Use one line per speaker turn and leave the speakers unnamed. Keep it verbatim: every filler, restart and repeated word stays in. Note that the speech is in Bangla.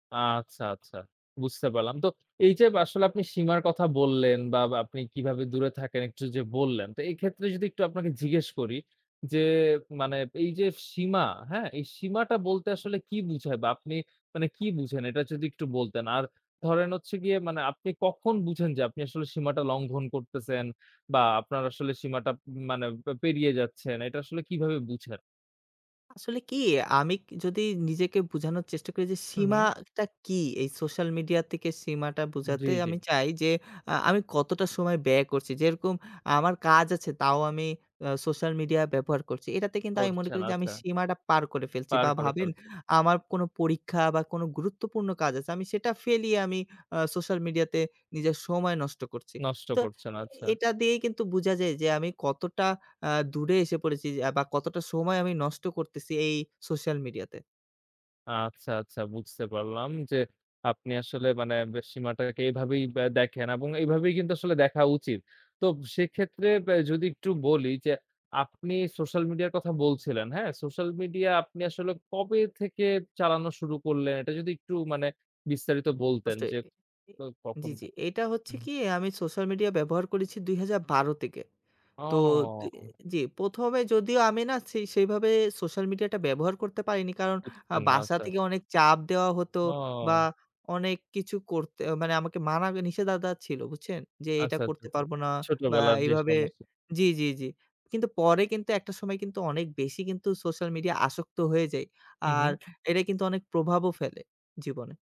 আচ্ছা, আচ্ছা বুঝতে পারলাম। তো এইযে ব আসলে আপনি সীমার কথা বললেন বা আপনি কিভাবে দূরে থাকেন একটু যে বললেন। তো এক্ষেত্রে যদি একটু আপনাকে জিজ্ঞেস করি যে, মানে এইযে সীমা, হ্যাঁ? এই সীমাটা বলতে আসলে কি বুঝায় বা আপনি মানে কি বুঝেন এটা যদি একটু বলতেন। আর ধরেন হচ্ছে গিয়ে মানে আপনি কখন বুঝেন যে আপনি আসলে সীমাটা লঙ্ঘন করতেছেন বা আপনার আসলে সীমাটা মানে পে পেরিয়ে যাচ্ছেন; এটা আসলে কিভাবে বুঝেন?
আসলে কি আমি যদি নিজেকে বোঝানোর চেষ্টা করি যে
হুম, হুম।
সীমাটা কি। এই সোশ্যাল মিডিয়া থেকে সীমাটা
জি,
বুঝাতে
জি।
আমি চাই যে, আ আমি কতটা সময় ব্যয় করছি। যেরকম আমার কাজ আছে তাও আমি আ সোশ্যাল মিডিয়া ব্যবহার করছি। এটাতে কিন্তু আমি মনে
করছেন
করি যে আমি
আচ্ছা।
সীমাটা পার করে ফেলছি
পার
বা
করে
ভাবেন
ফেলছে।
আমার কোনো পরীক্ষা বা কোনো গুরুত্বপূর্ণ কাজ আছে। আমি সেটা ফেলিয়ে আমি আ সোশ্যাল মিডিয়াতে নিজের সময় নষ্ট করছি।
নষ্ট
তো
করছেন আচ্ছা।
এটা দিয়েই কিন্তু বুঝা যায় যে আমি কতটা আ দূরে এসে পড়েছি বা কতটা সময় আমি নষ্ট করতেছি এই সোশ্যাল মিডিয়াতে।
আচ্ছা, আচ্ছা বুঝতে পারলাম যে, আপনি আসলে মানে ব সীমাটাকে এভাবেই বে দেখেন এবং এইভাবেই কিন্তু আসলে দেখা উচিত। তো সেক্ষেত্রে ব্যা যদি একটু বলি যে, আপনি সোশ্যাল মিডিয়ার কথা বলছিলেন, হ্যাঁ? সোশ্যাল মিডিয়া আপনি আসলে কবে থেকে চালানো শুরু করলেন, এটা যদি একটু মানে বিস্তারিত বলতেন
অবশ্যই।
যে
ই
কবে,
জি,
কখন?
জি। এটা হচ্ছে
হুম।
কি আমি সোশ্যাল মিডিয়া ব্যবহার করেছি দুই হাজার বারো থেকে। তো
ও!
[unintelligible] জি প্রথম এ যদিও আমি না ছে সেইভাবে সোশ্যাল মিডিয়াটা ব্যবহার করতে পারিনি। কারণ আ
বুঝছেন না,
বাসা
আচ্ছা।
থেকে অনেক চাপ দেওয়া হতো বা
ও!
অনেক কিছু করতে মানে আমাকে মানা নিষেদাদা ছিল। বুঝছেন? যে এটা
আচ্ছা, আচ্ছা,
করতে
আচ্ছা।
পারব না বা
ছোটবেলার যে
এভাবে
সমস্যা
জি, জি, জি। কিন্তু পরে কিন্তু একটা সময় কিন্তু অনেক বেশি কিন্তু সোশ্যাল মিডিয়া আসক্ত হয়ে যাই।
হু,
আর
হু
এটা কিন্তু অনেক প্রভাবও ফেলে জীবনে।